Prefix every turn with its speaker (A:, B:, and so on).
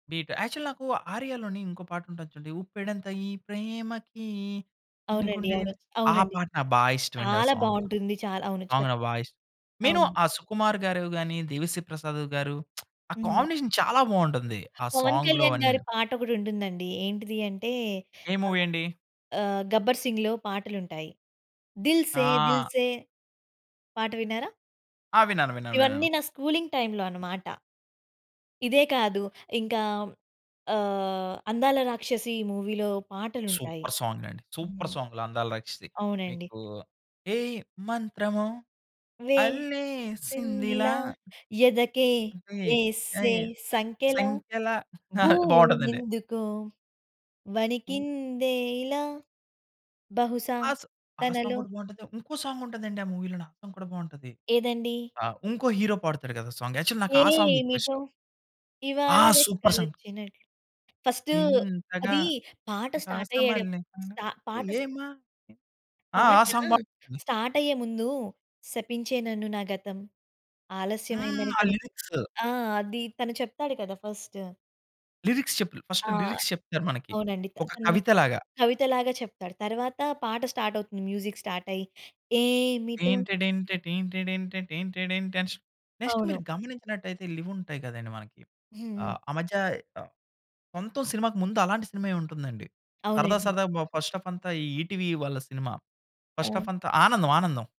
A: Beat actual నాకు ఆర్య‌లోని ఇంకో పాటుంటది చూడండి, ఉప్పెడంత ఈ ప్రేమకి చిన్ని
B: అవునండి.
A: గుండె ఎం
B: అవును. చ్
A: ఆ
B: అవునండి.
A: పాట బా ఇష్టమండి ఆ
B: చాలా
A: సాంగ్.
B: బావుంటుంది. చాలా అవును. చా
A: అవును ఆ వాయిస్. నేను
B: అవును.
A: ఆ సుకుమార్ గారివి, గాని దేవిశ్రీ ప్రసాద్ గారు, ఆ
B: హ్మ్.
A: కాంబినేషన్ చాలా బావుంటుంది ఆ
B: పవన్
A: సాంగ్‌లూ
B: కళ్యాణ్ గారి
A: అవన్నిను.
B: పాట ఒకటుంటుందండి. ఏంటిది అంటే
A: ఏ
B: ఆహ్,
A: మూవీ అండి?
B: ఆహ్, గబ్బర్ సింగ్‌లో పాటలుంటాయి. దిల్ సే దిల్
A: ఆ!
B: సే పాట విన్నారా?
A: ఆ! విన్నాను విన్నాను విన్నాను.
B: ఇవన్నీ నా స్కూలింగ్ టైమ్‌లో అన్నమాట. ఇదే కాదు ఇంకా ఆహ్, అందాల రాక్షసి మూవీ‌లో పాటలుంటాయి.
A: సూపర్ సాంగండి సూపర్
B: హ్మ్,
A: సాంగ్లు అందాల రాక్షసి.
B: అవునండి.
A: మీకు ఏ మంత్రమో అళ్ళేసిందిలా
B: వేసిందిలా ఎదకే
A: ఏ ఏ
B: వేసే సంకెలా
A: సంఖ్యలా బావుంటదండి.
B: భూమెందుకో
A: హ్మ్.
B: వణికిందే ఇలా బహుశా
A: ఆ సా ఆ సాంగ్
B: తనలో.
A: గూడా బావుంటుంది. ఇంకో సాంగ్ ఉంటదండి ఆ మూవీ‌లోన ఆ సాంగ్ కూడా బావుంటది.
B: ఏదండీ?
A: ఆహ్, ఇంకో హీరో పాడుతాడు గదా! సాంగ్. యాక్చువల్ నాకు ఆ సాంగ్
B: ఏమీటొ
A: ఎక్కువిష్టం.
B: ఇవాళ
A: ఆ! Super song.
B: రెక్కలొచ్చినట్లు ఫస్ట్
A: ఇంతగా
B: అదీ పాట స్టార్ట్ అయ్యే డప్
A: ప్రకాశమల్లె తన
B: స్టా పాట స్
A: ఏమ్మా ఆ!
B: పాట
A: ఆ సాంగ్ బాగుంటది.
B: స్టార్టయ్యే ముందు 'శపించే నన్ను నా గతం
A: హ్మ్.
B: ఆలస్యమైందని
A: ఆ
B: తనకు'
A: లిరిక్స్.
B: ఆ! అది తను చెప్తాడు కదా ఫస్ట్.
A: లిరిక్స్ చెప్పు ఫస్ట్
B: ఆ!
A: లిరిక్స్ చెప్తారు మనకి.
B: అవునండి. త
A: ఒక
B: తన్ను
A: కవిత లాగా.
B: కవిత‌లాగా చెప్తాడు. తర్వాత పాట స్టార్టవుతుంది. మ్యూజిక్ స్టార్టయ్యి. ఏమిటో
A: టెయింటడెంట టెయింటడెంట టెయింటడెంట అన్ నెక్స్ట్ మీరు
B: అవును.
A: గమనించినట్లైతే ఇవి ఉంటాయి గదండీ మనకి.
B: హ్మ్.
A: ఆహ్, ఆ మధ్య ఆహ్, సొంతం సినిమాకి ముందు అలాంటి సినిమాయె ఉంటుందండి. సరదా
B: అవునండి.
A: సరదాగా బా ఫస్ట్ హాఫ్ అంతా ఈ ఈటీవీ వాళ్ళ సినిమా. ఫస్ట్ హాఫ్
B: ఆ!
A: అంతా ఆనందం ఆనందం.